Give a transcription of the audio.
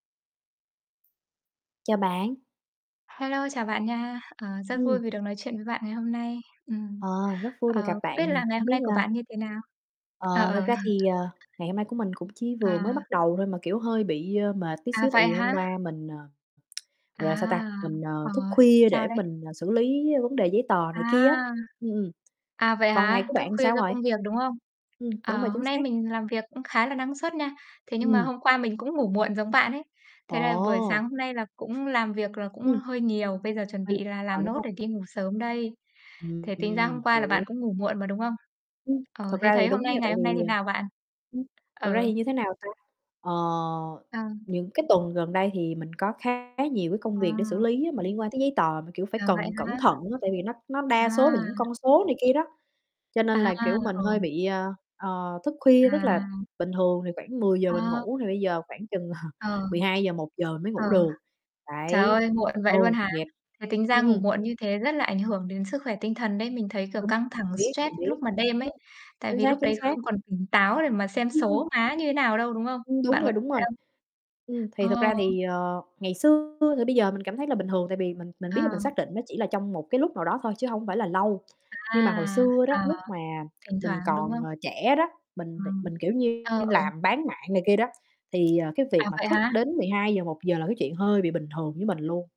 Chào bạn. Hello, chào bạn nha. Ờ, rất vui Ừm. vì được nói chuyện với bạn ngày hôm nay. Ừm, Ờ, rất vui được ờ, gặp không biết bạn nè, là ngày hông hôm biết nay của là bạn như thế nào? Ờ. Ờ, ờ. thực ra thì, ờ, ngày hôm nay của mình cũng chỉ vừa mới bắt À. đầu thôi mà, kiểu, hơi bị, ơ, mệt tí À, xíu, tại vậy vì hôm hả? qua mình, à, À, gọi là, sao ta? Mình, ờ, ờ, thức khuya sao để đấy? mình xử lý vấn đề giấy tờ này kia À! á. Ừm, ừm, À, vậy còn ngày hả? của Thức bạn thì khuya sao do rồi? công việc, đúng không? Ừm, đúng rồi, Ờ, hôm chính nay xác. mình làm việc cũng khá là năng suất nha, thế nhưng mà Ừm. hôm qua mình cũng ngủ muộn giống bạn ấy. Thế là buổi Ồ! sáng hôm nay là cũng làm việc là cũng Ừm. hơi nhiều, bây giờ chuẩn Thi bị là ờ, làm đúng nốt hông? để đi ngủ sớm đây. Thế Ừm, tính ra ừm, hôm qua là bạn hiểu. cũng ngủ muộn mà, đúng không? Ừm, Ờ, thật thế ra thấy thì hôm đúng nay, nha ngày tại vì, hôm nay thế à nào bạn? [unintelligible] thật ra Ừ. thì như thế nào ta? Ờ, Ờ. những cái tuần gần đây thì mình có khá nhiều cái công việc để xử À. lý mà liên quan tới giấy tờ mà, kiểu, phải À, vậy cần cẩn hả? thận á, tại vì nó nó đa số là những À. con số này kia đó, cho nên À, là, kiểu, mình ừ. hơi bị, a, ờ, thức khuya. Tức là À. bình thường thì khoảng 10:00 mình Ờ. ngủ thì bây giờ khoảng chừng Ờ. 12:00-1:00 mới Ờ, ngủ được, trời đấy. ơi! Muộn vậy luôn Ừ, hả? nghiệp Thế tính ra ừm, ngủ ừm. muộn như thế rất là ảnh hưởng đến sức khỏe tinh thần đấy, mình thấy, kiểu, Đúng căng thẳng biết, stress mình lúc biết. mà đêm ấy. Ừm, Tại chính vì xác, lúc chính đấy xác. không còn tỉnh táo để mà xem Ừm, ừm. số má như thế nào đâu, đúng không? Ưm, đúng Bạn có rồi, đúng thế rồi. không? Ừm, thì thực ra Ờ. thì, ờ, ngày xưa thì bây giờ mình cảm thấy là bình thường, tại vì mình mình biết là mình xác À. định nó chỉ là trong một cái lúc nào đó thôi chứ hổng phải là lâu. À, Nhưng mà hồi xưa đó ờ, lúc mà thỉnh mình thoảng, đúng còn, không? ờ, trẻ đó, Ờ, mình mình, kiểu như, ờ, ừ. làm bán mạng này kia đó, thì, ờ, cái việc À, mà vậy thức hả? đến 12:00-1:00 là cái chuyện hơi bị bình thường với mình luôn.